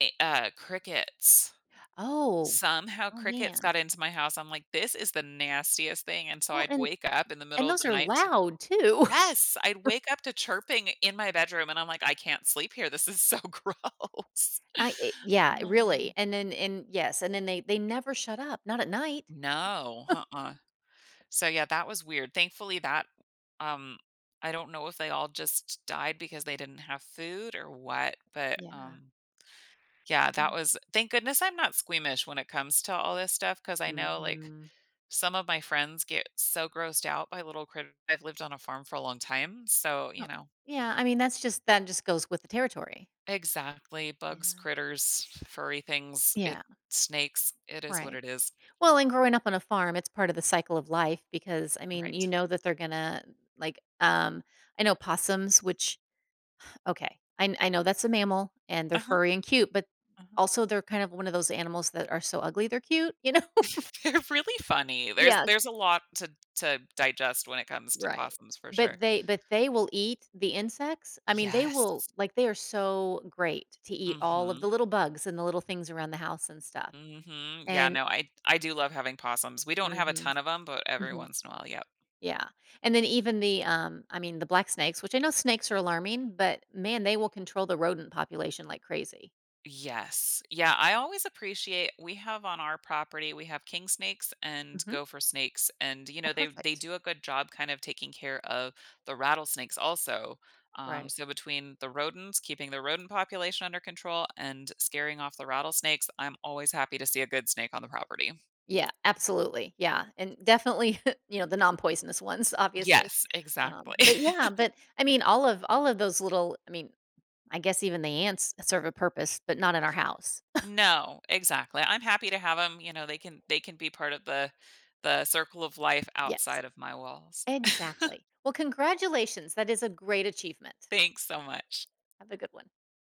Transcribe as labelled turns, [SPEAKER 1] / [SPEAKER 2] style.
[SPEAKER 1] E uh, crickets.
[SPEAKER 2] Oh.
[SPEAKER 1] Somehow
[SPEAKER 2] Oh,
[SPEAKER 1] crickets
[SPEAKER 2] man.
[SPEAKER 1] got into my house, I'm like, "This is the nastiest thing," and, so,
[SPEAKER 2] Well,
[SPEAKER 1] I'd
[SPEAKER 2] and
[SPEAKER 1] wake up in the
[SPEAKER 2] and
[SPEAKER 1] middle of the
[SPEAKER 2] those are
[SPEAKER 1] night to
[SPEAKER 2] loud, too.
[SPEAKER 1] Yes! I'd wake up to chirping in my bedroom, and I'm like, "I can't sleep here. This is so gross."
[SPEAKER 2] I eh yeah, really,
[SPEAKER 1] Um
[SPEAKER 2] and, then and yes. And then they they never shut up, not at night.
[SPEAKER 1] No, nuh-uh. So, yeah, that was weird. Thankfully, that um, I don't know if they all just died because they didn't have food or what, but,
[SPEAKER 2] Yeah.
[SPEAKER 1] um, yeah, that
[SPEAKER 2] Mm.
[SPEAKER 1] was thank goodness I'm not squeamish when it comes to all this stuff 'cause I know, like,
[SPEAKER 2] Mhm.
[SPEAKER 1] some of my friends get so grossed out by little critt I've lived on a farm for a long time, so you
[SPEAKER 2] Oh.
[SPEAKER 1] know?
[SPEAKER 2] Yeah, I mean, that's just that just goes with the territory.
[SPEAKER 1] Exactly. Bugs,
[SPEAKER 2] Yeah.
[SPEAKER 1] critters, f furry things, it
[SPEAKER 2] Yeah.
[SPEAKER 1] snakes. It is what
[SPEAKER 2] Right.
[SPEAKER 1] it is.
[SPEAKER 2] Well, and growing up on a farm, it's part of the cycle of life because, I mean,
[SPEAKER 1] Right.
[SPEAKER 2] you know that they're gonna, like, um I know possums which okay, I kn I know that's a mammal and they're
[SPEAKER 1] Uh-huh.
[SPEAKER 2] furry and cute, but
[SPEAKER 1] Uh-huh.
[SPEAKER 2] also they're kind of one of those animals that are so ugly they're cute, you know?
[SPEAKER 1] They're really funny. There's
[SPEAKER 2] Yeah.
[SPEAKER 1] there's a lot to to digest when it comes to
[SPEAKER 2] Right.
[SPEAKER 1] possums for sure.
[SPEAKER 2] But they but they will eat the insects. I mean, they will
[SPEAKER 1] Yes.
[SPEAKER 2] like, they are so great to eat all of the
[SPEAKER 1] Mhm.
[SPEAKER 2] little bugs and the little things around the house and stuff,
[SPEAKER 1] Mhm. Yeah,
[SPEAKER 2] and
[SPEAKER 1] no, I I do love having possums. We don't
[SPEAKER 2] um,
[SPEAKER 1] have a
[SPEAKER 2] mhm,
[SPEAKER 1] ton of them, but every
[SPEAKER 2] mhm.
[SPEAKER 1] once in a while, yep.
[SPEAKER 2] Yeah. And, then, even the um, I mean, the black snakes which I know snakes are alarming, but, man, they will control the rodent population like crazy.
[SPEAKER 1] Yes. Yeah, I always appreciate we have on our property we have king snakes and
[SPEAKER 2] Mhm.
[SPEAKER 1] gopher snakes, and, you
[SPEAKER 2] Oh,
[SPEAKER 1] know, they they
[SPEAKER 2] perfect.
[SPEAKER 1] do a good job kind of taking care of the rattlesnakes also. Um,
[SPEAKER 2] Right.
[SPEAKER 1] so between the rodents keeping the rodent population under control, and scaring off the rattlesnakes, I'm always happy to see a good snake on the property.
[SPEAKER 2] Yeah. Absolutely, yeah. And, definitely, you know, the non poisonous ones, obviously.
[SPEAKER 1] Yes.
[SPEAKER 2] Um,
[SPEAKER 1] Exactly.
[SPEAKER 2] but yeah but, I mean, all of all of those little I mean, I guess even the ants serve a purpose, but not in our house.
[SPEAKER 1] No. Exactly, I'm happy to have 'em, you know, they can they can be part of the the circle of life
[SPEAKER 2] Yes.
[SPEAKER 1] outside of my walls.
[SPEAKER 2] Exactly. Well, congratulations, that is a great achievement.
[SPEAKER 1] Thanks so much.
[SPEAKER 2] Have a good one.